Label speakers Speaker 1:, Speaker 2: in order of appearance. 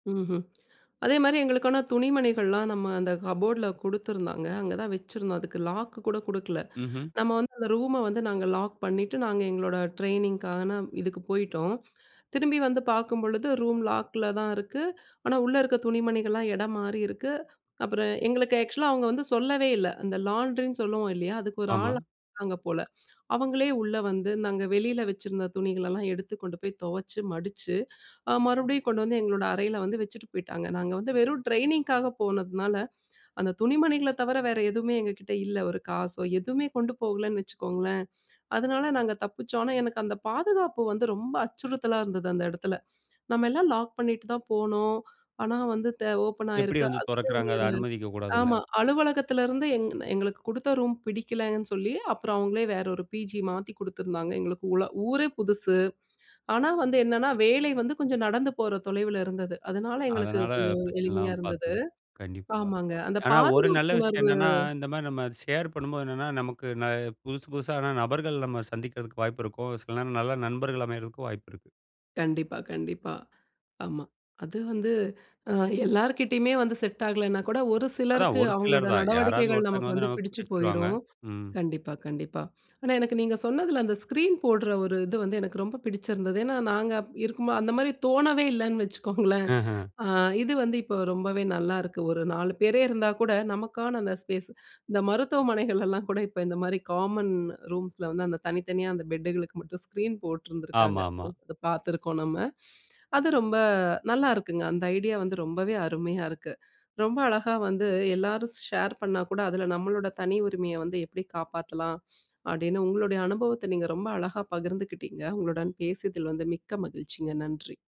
Speaker 1: ம்ஹ்ம். அதேமாதிரி, எங்களுக்கான துணிமணிகள்லாம், நம்ம அந்த கபோர்ட்ல குடுத்துருந்தாங்க. அங்க தான் வச்சிருந்தோம். அதுக்கு லாக்கு கூட குடுக்கல.
Speaker 2: ம்ஹ்ம்.
Speaker 1: நம்ம வந்து, அந்த ரூம வந்து, நாங்க லாக் பண்ணிட்டு, நாங்க எங்களோட ட்ரெய்னிங்க்கான, இதுக்கு போய்டோம். திரும்பி வந்து பாக்கும்பொழுது, ரூம் லாக்ல தான் இருக்கு. ஆனா, உள்ள இருக்ற துணிமணிகள்லாம், எடம் மாறி இருக்கு. அப்புறம் எங்களுக்கு ஆக்சுவலா அவுங்க வந்து சொல்லவே இல்ல. அந்த லாண்ட்ரினு சொல்லுவோம், இல்லையா? அதுக்கு ஒரு
Speaker 2: ஆமா.
Speaker 1: ஆள், இருக்காங்க போல, அவுங்களே உள்ள வந்து, நாங்க வெளியில வச்சிருந்த துணிகளெல்லாம், எடுத்து கொண்டு போய் தொவச்சு, மடுச்சு, அ, மறுபடியும் கொண்டு வந்து, எங்களோட அறையில வந்து, வச்சுட்டு போயிட்டாங்க. நாங்க வந்து, வெறும் டிரெய்னிங்க்காக போனதுனால, அந்த துணிமணிகள தவர, வேற எதுவுமே எங்ககிட்ட இல்ல. ஒரு காசோ, எதுவுமே கொண்டு போகலன்னு, வச்சுக்கோங்களேன். அதனால, நாங்க தப்பிச்சோம். ஆனா, எனக்கு அந்த பாதுகாப்பு வந்து, ரொம்ப அச்சுறுத்தலா இருந்தது, அந்த எடத்துல. "நம்ம எல்லாம் லாக் பண்ணிட்டு தான் போனோம். ஆனா வந்து, த ஓப்பன்
Speaker 2: எப்படி
Speaker 1: ஆகிருக்கு."
Speaker 2: வந்து
Speaker 1: அந்த
Speaker 2: தொறக்குறாங்க? அத
Speaker 1: ஒரு
Speaker 2: அனுமதிக்க கூடாதுல?
Speaker 1: ஆமா அலுவலகத்திலருந்து எங், எங்களுக்கு கொடுத்த ரூம் பிடிக்கலன்னு சொல்லி, அப்புறம் அவங்களே வேற ஒரு, பிஜி மாத்தி குடுத்துருந்தாங்க. எங்களுக்கு ஊள ஊரே புதுசு. ஆனா வந்து என்னென்னா வேலை வந்து, கொஞ்சம் நடந்து போற தொலைவில இருந்தது. அதனால, எங்களுக்கு
Speaker 2: அதனால,
Speaker 1: கொஞ்சம்
Speaker 2: பிரச்சனை
Speaker 1: எளிமையா
Speaker 2: இல்லாம, பாத்து
Speaker 1: இருந்தது.
Speaker 2: கண்டிப்பா.
Speaker 1: ஆமாங்க, அந்த
Speaker 2: ஆனா, ஒரு நல்ல
Speaker 1: பாதுகாப்பு
Speaker 2: விஷயம்
Speaker 1: உணர்வு.
Speaker 2: என்னன்னா, இந்த மாதிரி, நம்ம ஷேர் பண்ணும்போது என்னன்னா, நமக்கு ந புதுசு புதுசான நபர்கள், நம்ம சந்திக்கிறதுக்கு வாய்ப்பு இருக்கும். சில நேரம் நல்ல நண்பர்கள் அமையறதுக்கும், வாய்ப்பு இருக்கு.
Speaker 1: கண்டிப்பா. கண்டிப்பா. ஆமா, அது வந்து அ, எல்லார்கிட்டயுமே வந்து, செட் ஆகலனா கூட, ஒரு
Speaker 2: அதான்
Speaker 1: சிலருக்கு,
Speaker 2: ஒரு சிலர்
Speaker 1: அவங்களோட
Speaker 2: தான். யாராவது
Speaker 1: நடவடிக்கைகள்
Speaker 2: ஒருத்தங்க
Speaker 1: நமக்கு
Speaker 2: வந்து,
Speaker 1: வந்து,
Speaker 2: நமக்கு
Speaker 1: பிடிச்சு
Speaker 2: பிடுச்சுடுவாங்க.
Speaker 1: போயிரும்.
Speaker 2: ம்.
Speaker 1: கண்டிப்பா, கண்டிப்பா. ஆனா, எனக்கு நீங்க சொன்னதுல, அந்த ஸ்கிரீன் போட்ற ஒரு இது வந்து, எனக்கு ரொம்ப பிடிச்சிருந்தது. ஏன்னா நாங்க அப் இருக்கும்போது அந்த மாரி தோணவே இல்லன்னு வச்சுக்கோங்களேன்.
Speaker 2: ஆஹ.
Speaker 1: ஆ, இது வந்து இப்போ ரொம்பவே நல்லா இருக்கு. ஒரு 4 பேரே இருந்தா கூட, நமக்கான அந்த ஸ்பேஸ், இந்த மருத்துவமனைகள்லலாம் கூட, இப்ப இந்த மாரி, காமன் ரூம்ஸில வந்து, அந்த தனித்தனியா, அந்த பெட்டுகளுக்கு மட்டும் ஸ்கிரீன் போட்ருந்துருக்காங்க.
Speaker 2: ஆமாமா.
Speaker 1: பாத்துருக்கோம் நம்ம. அது ரொம்ப, நல்லாருக்குங்க. அந்த ஐடியா வந்து, ரொம்பவே அருமையா இருக்கு. ரொம்ப அழகா வந்து, எல்லாரும் ஷேர் பண்ணா கூட, அதில நம்மளோட தனி உரிமைய வந்து, எப்டி காப்பாத்தலாம் அப்படின்னு, உங்களுடைய அனுபவத்த, நீங்க ரொம்ப அழகா பகிர்ந்துக்கிட்டிங்க. உங்களுடன் பேசிதில வந்து, மிக்க மகிழ்ச்சிங்க. நன்றி.